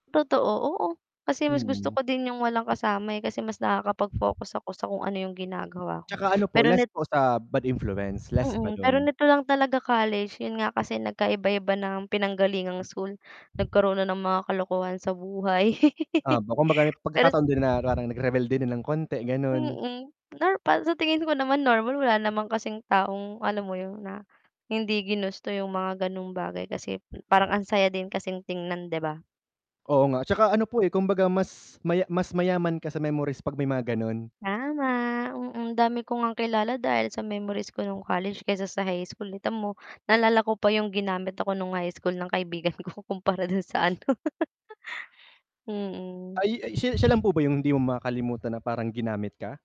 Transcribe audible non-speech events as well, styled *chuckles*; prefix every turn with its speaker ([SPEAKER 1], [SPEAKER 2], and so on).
[SPEAKER 1] Totoo, oo, kasi mas gusto
[SPEAKER 2] Mm.
[SPEAKER 1] ko din 'yung walang kasama, eh, kasi mas nakakapag-focus ako sa kung ano 'yung ginagawa ko
[SPEAKER 2] 'Tsaka ano po
[SPEAKER 1] pero
[SPEAKER 2] less
[SPEAKER 1] net
[SPEAKER 2] po sa bad influence, less ba
[SPEAKER 1] Mm, pero
[SPEAKER 2] do'n.
[SPEAKER 1] nito lang talaga college, 'yun nga, kasi nagkaiba-iba ng pinanggalingang school, nagkaroon ng mga kalokohan sa buhay.
[SPEAKER 2] Ah,
[SPEAKER 1] *chuckles*
[SPEAKER 2] b kumbaga may
[SPEAKER 1] Pero s
[SPEAKER 2] pagkakataon din na parang nagrebelde din ng konti gano'n.
[SPEAKER 1] Mm, nor para sa tingin ko naman normal, wala naman kasing taong alam mo 'yon na hindi ginusto 'yung mga gano'ng bagay kasi, hmm, parang ang saya din kasing tingnan, 'di ba?
[SPEAKER 2] Oo nga, tsaka ano po, eh, kumbaga mas maya mas mayaman ka sa memories 'pag may mga gano'n.
[SPEAKER 1] Tama, mm, ang dami ko ngang kilala dahil sa memories ko no'ng college kaysa sa high school, eh, kita mo naalala ko pa 'yung ginamit ako no'ng high school ng kaibigan ko kumpara do'n sa ano, *chuckles* mm.
[SPEAKER 2] Ay ay siya siya, lang po ba 'yung hindi mo makakalimutan na parang ginamit ka?